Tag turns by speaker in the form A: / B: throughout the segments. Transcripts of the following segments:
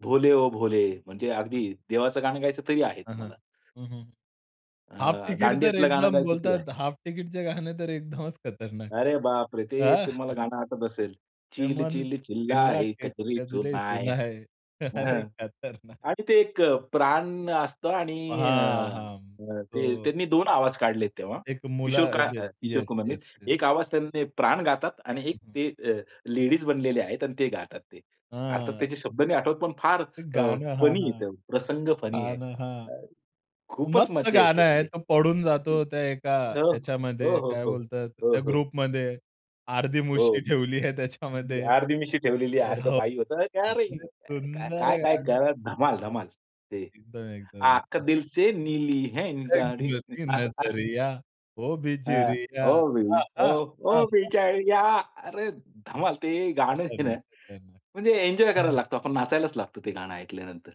A: भोले ओ भोले म्हणजे अगदी देवाचं गाणं गायचं तरी आहे
B: हां, हां,
A: तुम्हाला.
B: हं, हं. हाफ
A: अ,
B: टिकिट तर
A: दांडियातलं गाणं
B: एकदम
A: गायचं तेही आहे.
B: बोलतात हाफ टिकिटचे गाणं तर एकदमच खतरनाक.
A: अरे, बापरे! ते
B: हां.
A: तुम्हाला गाणं आठवत असेल.
B: हे
A: चिल
B: मन
A: चिल चिल्लाए
B: चिल्लाके
A: कजरी
B: कजरे
A: सुनाए
B: सुनाए
A: अ,
B: अरे,
A: हं,
B: खतरनाक.
A: आणि ते एक अ, प्राण असतो आणि अ,
B: हां, हां,
A: अ, ते
B: तो
A: त्यांनी 2 आवाज काढले तेव्हा
B: एक मुला
A: किशोर काय
B: येस,
A: किशोर
B: येस,
A: कुमारनी.
B: Yes, yes.
A: एक आवाज त्यांनी प्राण गातात आणि
B: हं,
A: एक
B: हं.
A: ते अ, लेडीज बनलेले आहेत आणि ते गातात ते. अर्थात
B: आ
A: त्याचे शब्द नाही आठवत. पण फार
B: ते
A: अ,
B: गाणं. हां,
A: फनी आहे
B: हां,
A: तो, प्रसंग फनी
B: हां,
A: आहे.
B: न हां.
A: अ, खूपच
B: मस्त
A: मज्जा
B: गाणं
A: येते
B: आहे.
A: ते.
B: तो पडून जातो त्या एका
A: अ, हो,
B: याच्यामध्ये,
A: हो,
B: काय
A: हो,
B: बोलतात
A: हो,
B: त्या
A: हो.
B: ग्रुपमध्ये. अर्धी
A: हो,
B: मुशी ठेवली आहे त्याच्यामध्ये.
A: अर्धी मिशी ठेवलेली, अर्ध
B: हो,
A: बाई होता. काय रे!
B: अरे, सुंदर आहे
A: काय-काय
B: गाणं.
A: करतात. धमाल-धमाल. ते
B: एकदम, एकदम.
A: आंख
B: [unintelligible]
A: दिल से नीली है न गाडी
B: तिरकी
A: आसं आसं.
B: नजरिया ओ
A: हां.
B: बिजुरिया.
A: ओ बि,
B: आहा!
A: ओ-ओ
B: आहा!
A: बिजुरीया, अरे धमाल ते गाणं आहे ना.
B: खतरनाक, खतरनाक.
A: म्हणजे एन्जॉय करायला
B: हं
A: लागतो, आपण नाचायलाच लागतो ते गाणं ऐकल्यानंतर.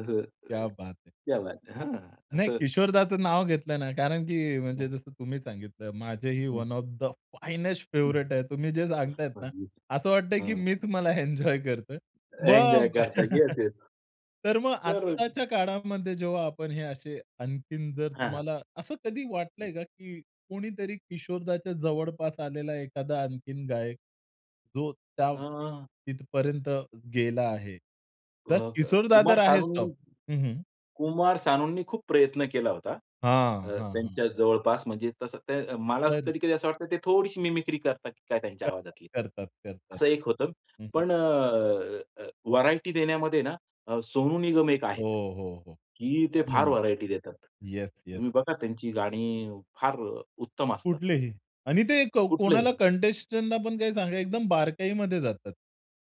A: असं अ,
B: क्या बात है.
A: क्या बात है हं,
B: नाही,
A: असं
B: किशोरदाचं नाव घेतलं ना कारण की म्हणजे
A: हं.
B: जसं तुम्ही सांगितलं, माझेही
A: हं.
B: वन ऑफ द फायनेस्ट
A: हं.
B: फेव्हरेट आहे. तुम्ही जे सांगतायत ना,
A: [unintelligible]
B: असं वाटतंय की
A: हं.
B: मीच मला एन्जॉय करतोय.
A: एन्जॉय
B: मग अ,
A: करता. Yes, yes.
B: तर मग
A: तर
B: आत्ताच्या काळामध्ये जेव्हा आपण हे असे आणखीन, जर
A: हां, हां.
B: तुम्हाला असं कधी वाटलंय का, की कोणीतरी किशोरदाच्या जवळपास आलेला एखादा आणखीन गायक जो त्या
A: आ
B: तिथपर्यंत गेला आहे?
A: अ,
B: तर
A: क
B: किशोरदा तर
A: कुमार
B: आहेच
A: सानू
B: टॉप हं, हं.
A: कुमार सानूंनी खूप प्रयत्न केला होता अ,
B: हां, हां, हां.
A: त्यांच्या जवळपास, म्हणजे तसं ते मला
B: पण
A: कधी-कधी असं वाटतं, ते थोडीशी मिमिक्री करतात की काय त्यांच्या
B: करतात,
A: आवाजातली,
B: करतात, करतात.
A: असं एक होतं.
B: हं, हं.
A: पण अ, व्हरायटी देण्यामध्ये ना अ, सोनू निगम एक
B: हो,
A: आहेत,
B: हो, हो.
A: की ते फार
B: [unintelligible]
A: व्हरायटी देतात.
B: Yes, yes.
A: तुम्ही बघा, त्यांची गाणी फार उत्तम असतात.
B: कुठलेही आणि ते क कोणाला
A: कुठलंही.
B: कंटेस्टंटला पण काही सांगा, एकदम बारकाईमध्ये जातात.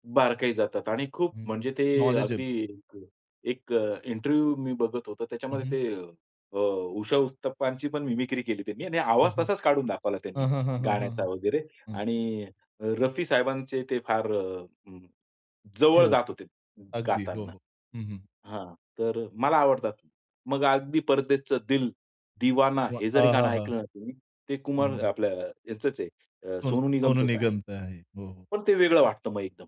A: बारकाई जातात आणि खूप
B: हं,
A: म्हणजे ते अगदी
B: नॉलेजेबल.
A: एक अ, इंटरव्ह्यू मी बघत होतो.
B: हं,
A: त्याच्यामध्ये
B: हं.
A: ते अ, उषा उत्तप्पांची पण मिमिक्री केली त्यांनी आणि
B: हं,
A: आवाज
B: हं.
A: तसाच काढून दाखवला त्यांनी
B: हं, हं, हं,
A: गाण्याचा
B: हं.
A: वगैरे
B: हं.
A: आणि अ, रफी साहेबांचे ते फार अ,
B: ते
A: जवळ
B: होत
A: जात होते
B: अगदी हो,
A: गातांना.
B: हो, हं, हं.
A: हां, तर मला आवडतात. मग अगदी परदेसचं दिल दीवाना.
B: हो,
A: हे जरी गाणं
B: आहाहा!
A: ऐकलं ना तुम्ही, ते कुमार
B: हं.
A: आपल्या यांचंच आहे अ,
B: सोन
A: सोनू
B: सोनू
A: निगमचंच आहे.
B: निगमचं आहे. हो, हो.
A: पण ते वेगळं वाटतं मग एकदम.